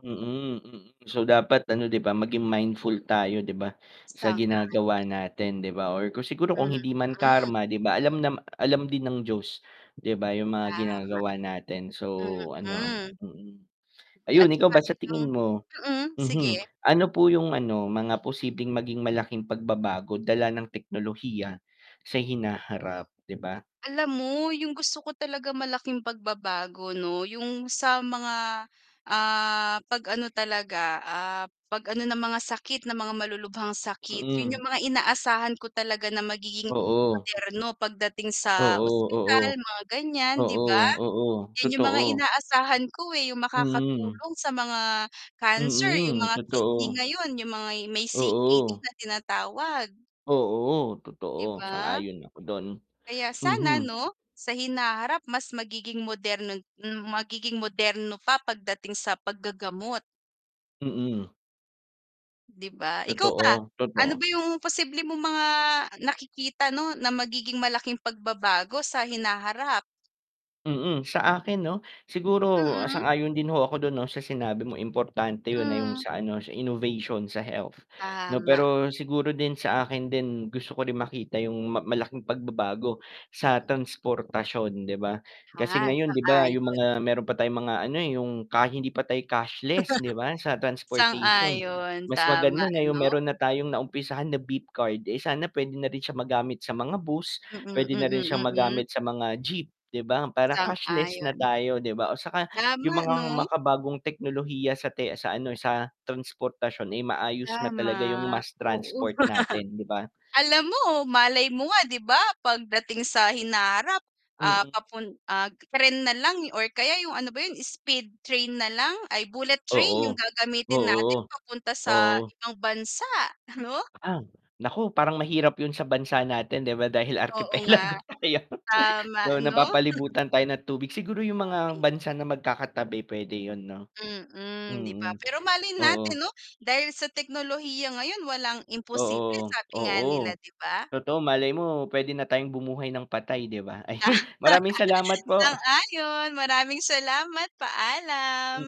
Mm, mm, so, dapat ano, 'di ba, maging mindful tayo 'di ba, sa Sang-ayon. ginagawa natin, 'di ba, or kung siguro kung hindi man Mm. karma, 'di ba, alam na alam din ng Diyos, 'di ba, yung mga Tama. ginagawa natin so ano, Mm. mm. At Ayun, ikaw 'tsaka ba sa bilang tingin mo, mm mhm, sige. ano po yung ano, mga posibleng maging malaking pagbabago dala ng teknolohiya sa hinaharap, 'di ba? Alam mo yung gusto ko talaga malaking pagbabago 'no, yung sa mga, ah, 'pag-ano talaga, ah, 'pag ano ng mga sakit ng mga malulubhang sakit, yun, Mm. yung mga inaasahan ko talaga na magiging Oo. moderno pagdating sa Oo, ospital oo, mga ganyan, 'di ba. oo, oo, Yun yung mga totoo. inaasahan ko eh, yung Hmm. makakatulong sa mga cancer, yung Mm, mga kidney totoo. ngayon, yung mga may C-K-D Oo. na tinatawag. Oo 'Di totoo, ba. sang-ayon ako dun, Kaya sana mhm. 'no, sa hinaharap mas magiging moderno magiging moderno pa, pagdating sa paggagamot. Mm. 'Di ba, ikaw ba, Totoo, ano ba totoo. yung posible mong mga nakikita 'no, na magiging malaking pagbabago sa hinaharap? Mm, sa akin 'no, siguro Mm. sang-ayon din ho ako dun, 'no, sa sinabi mong importante yun na yung Hmm. sa ano, sa innovation, sa health, 'no, Tama. pero siguro din sa akin din, gusto ko din makita yung ma malaking pagbabago sa Mm. transportasyon, 'di ba. Kasi Ah, ngayon, 'di ba, yung sang-ayon. mga meron pa tayong mga ano eh, yung ka hindi pa tayong cashless, 'di ba, sa transportation. Sang-ayon Mas maganda tama, na yung 'no. meron na tayong naumpisahan na beep card eh, sana pwede na rin siya magamit sa mga bus, Mm, mm, pwede na rin siyang mm. magamit sa mga jeep, 'di ba, para cashless na Sang-ayon. tayo, 'di ba o 'tsaka Tama yung mga 'no. makabagong teknolohiya sa te sa ano, sa transportasyon ay maayos na talaga yung Tama, mass oo. transport natin, 'di ba? Alam mo, malay mo nga 'di ba, 'pag dating sa hinaharap, ah, Mm. papun ah, tren nalang or kaya yung ano ba yun, speed train nalang, ay bullet train Oo, yung gagamitin oo, natin papunta sa oo. ibang bansa, ano. Ah, naku, parang mahirap yun sa bansa natin, 'di ba, dahil Oo nga, arkipelago tayo. tama So, ano. napapalibutan tayo ng tubig, siguro yung mga Tubig. bansa na magkakatabi pwede yun, 'no, Mm, 'di ba, mm, pero malay natin oo. 'no, dahil sa teknolohiya ngayon walang imposible Oo, sabi nga oo, nila, 'di ba. totoo malay mo, pwede na tayong bumuhay ng patay, 'di ba, ayun, Tama. maraming salamat po. Sang-ayon, maraming salamat, Hmm. paalam.